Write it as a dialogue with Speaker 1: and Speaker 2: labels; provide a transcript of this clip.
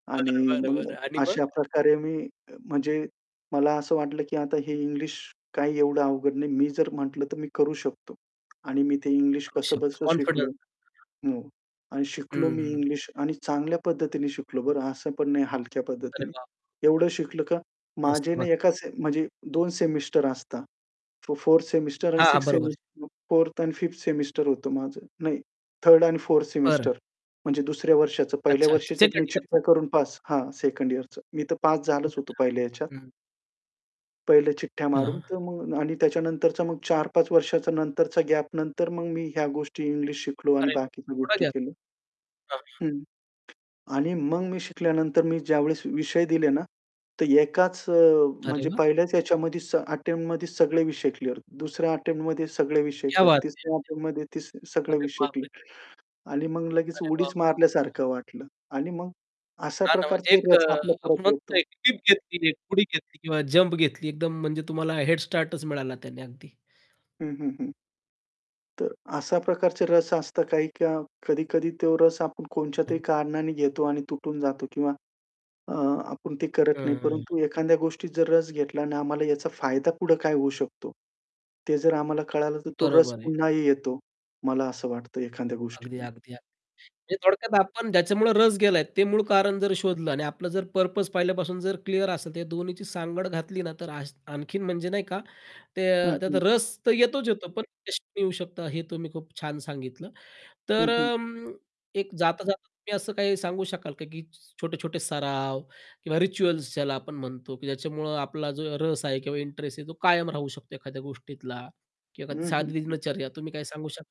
Speaker 1: आणि
Speaker 2: बरं, बरं,
Speaker 1: मग
Speaker 2: बरं आणि मग?
Speaker 1: अशा प्रकारे मी, अ, म्हणजे मला असं वाटलं, की आता हे इंग्लिश काही एवढं अवघड नाही. मी जर म्हटलं तर मी करू शकतो. आणि मी ते इंग्लिश
Speaker 2: करू शकतो.
Speaker 1: कसं-बसं शिकलो.
Speaker 2: कॉन्फिडन्स.
Speaker 1: हो. आणि शिकलो
Speaker 2: हं,
Speaker 1: मी
Speaker 2: हं.
Speaker 1: इंग्लिश आणि चांगल्या पद्धतीने शिकलो बरं असं पण नाही हलक्या
Speaker 2: अरे
Speaker 1: पद्धतीने.
Speaker 2: वाह!
Speaker 1: एवढं शिकलं का?
Speaker 2: मस्त,
Speaker 1: माझे
Speaker 2: म
Speaker 1: ना एका सेम म्हणजे 2 सेमिस्टर असतात. तो 4th सेमिस्टर आणि
Speaker 2: हां,
Speaker 1: 6th
Speaker 2: बरोबर आहे.
Speaker 1: सेमिस्टर, 4th आणि 5th सेमिस्टर होतं माझं, नाही 3rd आणि 4th
Speaker 2: बरं.
Speaker 1: सेमिस्टर म्हणजे दुसऱ्या वर्षाचं पहिल्या
Speaker 2: अच्छा, अच्छा
Speaker 1: वर्षीचं तुम्ही
Speaker 2: 2nd
Speaker 1: चिठ्या करून पास
Speaker 2: [unintelligible]
Speaker 1: हां, सेकंड यिअरचं मी तर पास झालंच होतो पहिल्या
Speaker 2: [unintelligible]
Speaker 1: ह्याच्यात.
Speaker 2: हं.
Speaker 1: पहिल्या चिठ्या मारून,
Speaker 2: हां.
Speaker 1: तर मग आणि त्याच्यानंतरचा मग 4-5 वर्षाच्या नंतरचा गॅप नंतर मग मी ह्या गोष्टी इंग्लिश शिकलो आणि
Speaker 2: अरे वाह!
Speaker 1: बाकीच्या
Speaker 2: थोडा
Speaker 1: गोष्टी
Speaker 2: घ्या.
Speaker 1: केल्या.
Speaker 2: [unintelligible]
Speaker 1: हं. आणि मग मी शिकल्यानंतर मी ज्यावेळेस विषय दिले ना, तर एकाच अ,
Speaker 2: अरे
Speaker 1: म्हणजे
Speaker 2: वाह!
Speaker 1: पहिल्याच ह्याच्यामध्ये स अटेम्प्टमध्ये सगळे विषय क्लिअर. दुसऱ्या अटेम्प्टमध्ये सगळे विषय
Speaker 2: क्या
Speaker 1: कर,
Speaker 2: बात है!
Speaker 1: तिसऱ्या अटेम्प्टमध्ये ती
Speaker 2: [unintelligible]
Speaker 1: सगळे
Speaker 2: अरे,
Speaker 1: विषय
Speaker 2: बापरे!
Speaker 1: क्लिअर. आणि मग लगेच
Speaker 2: अरे वाह,
Speaker 1: उडीच
Speaker 2: वाह, वाह!
Speaker 1: मारल्यासारखं वाटलं. आणि मग अशा
Speaker 2: हां, ना म्हणजे
Speaker 1: प्रकारचा
Speaker 2: एक
Speaker 1: रस आपल्याला
Speaker 2: आपण
Speaker 1: परत
Speaker 2: म्हणतो
Speaker 1: येतो.
Speaker 2: घेतली उडी घेतली किंवा जम्प घेतली एकदम म्हणजे तुम्हाला हेड स्टार्टच मिळाला त्याने अगदी.
Speaker 1: हं, हं, हं. तर अशा प्रकारचा रस असतात काही का कधी-कधी तो रस आपण कोणच्यातरी
Speaker 2: [unintelligible]
Speaker 1: कारणाने घेतो आणि तुटून जातो किंवा अ, आपण ते करत नाही.
Speaker 2: हं.
Speaker 1: परंतु एखाद्या गोष्टीत जर रस घेतला आणि आम्हाला याचा फायदा पुढं काय होऊ शकतो. ते जर आम्हाला कळालं तर तो रस
Speaker 2: बरोबर आहे.
Speaker 1: पुन्हाही येतो. मला असं वाटतं एखाद्या
Speaker 2: अगदी,
Speaker 1: गोष्टीतला.
Speaker 2: अगदी, अगदी. म्हणजे थोडक्यात आपण ज्याच्यामुळे रस गेला. ते मूळ कारण जर शोधलं आणि आपलं जर पर्पज पहिल्यापासून जर क्लिअर असेल तर त्या दोन्हीची सांगड घातली ना, तर आणखीन म्हणजे नाही का ते
Speaker 1: हं,
Speaker 2: त्यात
Speaker 1: हं.
Speaker 2: रस तर येतोच येतो पण [unintelligible] येऊ शकतात हे तुम्ही खूप छान सांगितलं.
Speaker 1: हं,
Speaker 2: तर
Speaker 1: हं.
Speaker 2: अं, एक जाता-जाता तुम्ही असं काही सांगू शकाल का, की छोटे-छोटे सराव किंवा रिच्युअल्स ज्याला आपण म्हणतो, की ज्याच्यामुळं आपला जो रस आहे किंवा इंटरेस्ट आहे तो कायम राहू शकतो एखाद्या गोष्टीतला किंवा
Speaker 1: हं,
Speaker 2: एखादी
Speaker 1: हं,
Speaker 2: साधी
Speaker 1: हं.
Speaker 2: दिनचर्या तुम्ही काय सांगू शक